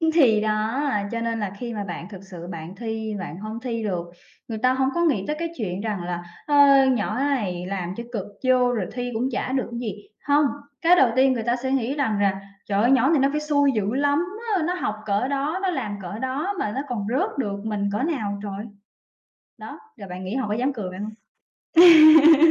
Ưm, thì đó, cho nên là khi mà bạn thực sự bạn thi bạn hông thi được, người ta hổng có nghĩ tới cái chuyện rằng là "Ơ, nhỏ này làm cho cực vô rồi thi cũng chả được cái gì." Hông, cái đầu tiên người ta sẽ nghĩ rằng rà: "Trời ơi! Nhỏ này nó phải xui dữ lắm á, nó học cỡ đó, nó làm cỡ đó mà nó còn rớt được, mình cỡ nào trời?" Đó, rồi bạn nghĩ họ có dám cười bạn hông?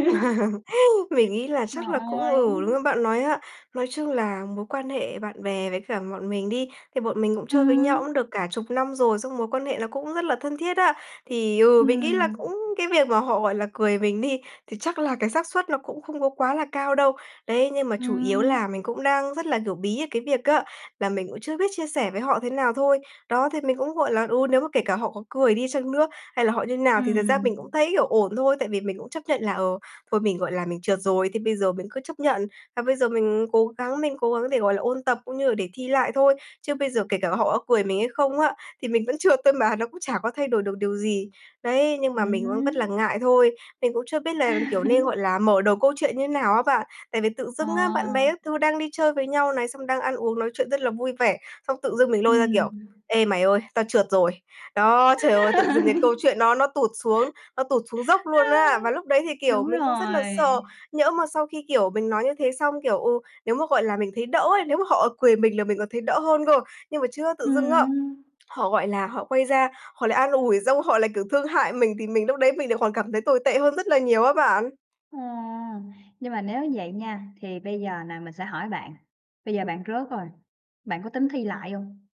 Mình nghĩ là Trời chắc là cũng ơi! ừ, lương bạn nói á, nói chung là mối quan hệ bạn bè với cả bọn mình đi, thì bọn mình cũng chơi với nhau Ừm. cũng được cả chục năm rồi, xong mối quan hệ nó cũng rất là thân thiết á. Thì, ừ, mình nghĩ là Ừm. cũng cái việc mà họ, gọi là, cười mình đi, thì chắc là cái xác suất nó cũng không có quá là cao đâu, đấy, nhưng mà chủ yếu Ừm. là mình cũng đang rất là, kiểu, bí ở cái việc á, là mình cũng chưa biết chia sẻ với họ thế nào thôi. Đó, thì mình cũng, gọi là ừ, nếu mà kể cả họ có cười đi chăng nữa hay là họ như thế nào thì thật ra Ừm. mình cũng thấy, kiểu, ổn thôi. Tại vì mình cũng chấp nhận là, ờ, thôi mình, gọi là, mình trượt rồi thì bây giờ mình cứ chấp nhận, và bây giờ mình cố gắng mình cố gắng để, gọi là, ôn tập cũng như là để thi lại thôi. Chứ bây giờ kể cả họ có cười mình hay không á, thì mình vẫn trượt thôi mà, nó cũng chả có thay đổi được điều gì. Đấy, nhưng mà mình vẫn vất là Ừm. ngại thôi, mình cũng chưa biết là, kiểu, nên, gọi là, mở đầu câu chuyện như nào á bạn, tại vì tự dưng á, bạn À. bè các thứ đang đi chơi với nhau này, xong đang ăn uống nói chuyện rất là vui vẻ, xong tự dưng mình lôi ra, kiểu: Ừm. "Ê mày ơi, tao trượt rồi." Đó, trời ơi! Tự dưng cái câu chuyện nó nó tụt xuống nó tụt xuống dốc luôn Ha. á, và lúc đấy thì, kiểu, Đúng mình cũng rất là rồi. sợ, nhỡ mà sau khi, kiểu, mình nói như thế xong, kiểu, ừ, nếu mà, gọi là, mình thấy đỡ ấy, nếu mà họ cười mình là mình còn thấy đỡ hơn cơ. Nhưng mà chứa tự dưng á, Ừm hưm. họ, gọi là, họ quay ra, họ lại an ủi xong họ lại, kiểu, thương hại mình thì mình lúc đấy mình lại còn cảm thấy tồi tệ hơn rất là nhiều á bạn. Ờ, nhưng mà nếu vậy nha, thì bây giờ nà, mình sẽ hỏi bạn, bây giờ bạn rớt rồi, bạn có tính thi lại hông?